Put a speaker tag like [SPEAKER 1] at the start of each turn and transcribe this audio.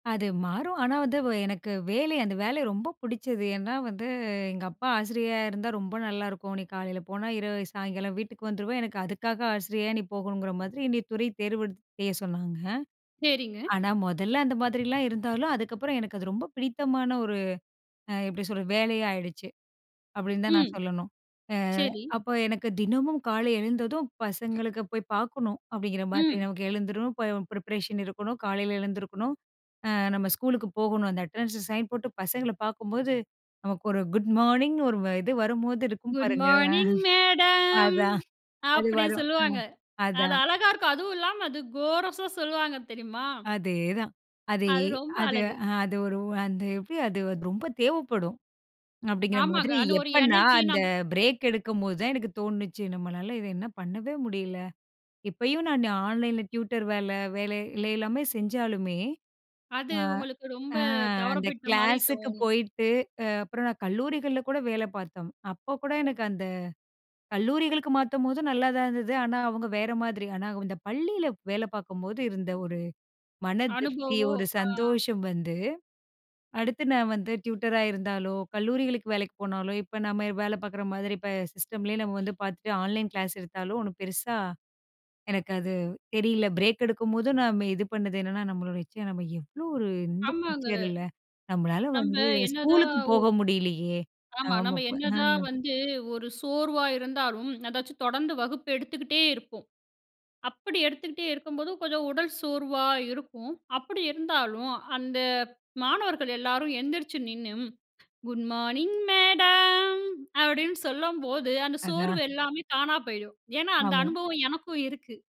[SPEAKER 1] அது மாறும். ஆனா, வந்து அ எனக்கு வேலை அந்த வேலை ரொம்ப பிடிச்சது. ஏன்னா வந்து, எங்க அப்பா "ஆசிரியரா இருந்தா ரொம்ப நல்லாயிருக்கும். நீ காலையில போனா இரவு சாயங்காலம் வீட்டுக்கு வந்துருவே!" எனக்கு அதுக்காக ஆசிரியரா நீ போகணுங்கிற மாதிரி என்னைய துறை தேர்வெடுத் செய்ய சொன்னாங்க.
[SPEAKER 2] சரிங்க.
[SPEAKER 1] ஆனா, மொதல்ல அந்த மாதிரிலாம் இருந்தாலும், அதுக்கப்பறம் எனக்கு அது ரொம்ப பிடித்தமான ஒரு அ எப்பிடி சொல்றது? வேலையா ஆயிடுச்சு. அப்பிடின்னு தான் நான்
[SPEAKER 2] ம்.
[SPEAKER 1] சொல்லணும். அ
[SPEAKER 2] சரி.
[SPEAKER 1] அப்போ எனக்கு தினமும் காலை எழுந்ததும், பசங்களுக்கு போய் பார்க்கணும் அப்பிடிங்கிற மாதிரி
[SPEAKER 2] ம்.
[SPEAKER 1] நமக்கு எழுந்துரும், இப்ப ப்ரிப்பரேஷன் இருக்கணும் காலையில எழுந்துருக்கணும். அ நம்ம ஸ்கூலுக்கு போகணும். அந்த அட்டெண்டன்ஸ சைன் போட்டு பசங்கள பார்க்கும்போது நமக்கு ஒரு குட் மார்னிங் ஒரு வ இது வரும்போது இருக்கும்
[SPEAKER 2] குட்
[SPEAKER 1] பாருங்க! அ.
[SPEAKER 2] மார்னிங் மேடம்
[SPEAKER 1] அதான் அது
[SPEAKER 2] அப்பிடி
[SPEAKER 1] வரும். அ,
[SPEAKER 2] சொல்லுவாங்க. அது
[SPEAKER 1] அதான்.
[SPEAKER 2] அழகா இருக்கும். அதுவும் இல்லாம அது கோரசா சொல்லுவாங்க தெரியுமா?
[SPEAKER 1] அதேதான். அதே,
[SPEAKER 2] அது ரொம்ப
[SPEAKER 1] அது
[SPEAKER 2] அழகு.
[SPEAKER 1] அ அது ஒரு அ அந்த எப்பிடி அது ரொம்ப தேவைப்படும், அப்பிடிங்கிற
[SPEAKER 2] ஆமாங்க.
[SPEAKER 1] மாதிரி
[SPEAKER 2] அது ஒரு
[SPEAKER 1] எப்ப நான்
[SPEAKER 2] எனர்ஜி,
[SPEAKER 1] அந்த
[SPEAKER 2] நம்
[SPEAKER 1] பிரேக் எடுக்கும்போது தான் எனக்கு தோணுனுச்சு. நம்மளால இத என்ன பண்ணவே முடியல. இப்பயும் நான் ஆன்லைன் ல டியூட்டர் வேல வேலையெல்லாமே செஞ்சாலுமே,
[SPEAKER 2] அது
[SPEAKER 1] ஆ,
[SPEAKER 2] உங்களுக்கு ரொம்ப
[SPEAKER 1] அ அந்த
[SPEAKER 2] தவறவிட்டமாரி
[SPEAKER 1] கிளாஸுக்கு
[SPEAKER 2] தோணும்.
[SPEAKER 1] போயிட்டு அ அப்புறம் நான் கல்லூரிகள்ல கூட வேல பார்த்தோம். அப்ப கூட
[SPEAKER 2] ம்.
[SPEAKER 1] எனக்கு அந்த கல்லூரிகளுக்கு மாத்தம்போது நல்லாதான் இருந்தது. ஆனா, அவுங்க வேற மாதிரி. ஆனா, இந்த பள்ளியில வேலை பார்க்கும்போது இருந்த ஒரு மன திருப்தி,
[SPEAKER 2] அனுபவம்,
[SPEAKER 1] ஒரு
[SPEAKER 2] ஆ.
[SPEAKER 1] சந்தோஷம் வந்து அடுத்து நான் வந்து டியூட்டர் அ இருந்தாலோ! கல்லூரிகளுக்கு வேலைக்கு போனாலோ! இப்ப நம்ம வேல பார்க்குற மாதிரி, இப்ப சிஸ்டம்லயே நம்ம வந்து பார்த்துட்டு, ஆன்லைன் கிளாஸ் எடுத்தாலோ! ஒன்னும் பெருசா எனக்கு அது தெரியல. பிரேக் எடுக்கும்போதும் நம்ம இது பண்ணது என்னன்னா, நம்மளோட ச்சே! நம்ம எவ்ளோ ஒரு இந்த
[SPEAKER 2] ஆமாங்க.
[SPEAKER 1] டீச்சர் இல்ல. நம்மளால
[SPEAKER 2] நம்ப
[SPEAKER 1] வந்து
[SPEAKER 2] என்னதான்
[SPEAKER 1] ஸ்கூலுக்கு
[SPEAKER 2] ஒ
[SPEAKER 1] போக முடியலயே!
[SPEAKER 2] ஆமா.
[SPEAKER 1] ஆமா,
[SPEAKER 2] நம்ம
[SPEAKER 1] அப்ப
[SPEAKER 2] என்னதான்
[SPEAKER 1] அ.
[SPEAKER 2] வந்து ஒரு சோர்வா இருந்தாலும், எதாச்சும் தொடர்ந்து வகுப்பு எடுத்துக்கிட்டே இருப்போம். அப்பிடி எடுத்துக்கிட்டே இருக்கும்போது, கொஞ்சம் உடல் சோர்வா இருக்கும். அப்பிடி இருந்தாலும் அந்த மாணவர்கள் எல்லாரும் எந்திரிச்சு நின்னு குட் மார்னிங் மேடம்! அப்பிடின்னு சொல்லும்போது அந்த சோர்வு
[SPEAKER 1] அதான்.
[SPEAKER 2] எல்லாமே தானா போயிடும். ஏன்னா, அந்த
[SPEAKER 1] ஆமா.
[SPEAKER 2] அனுபவம் எனக்கும் இருக்கு.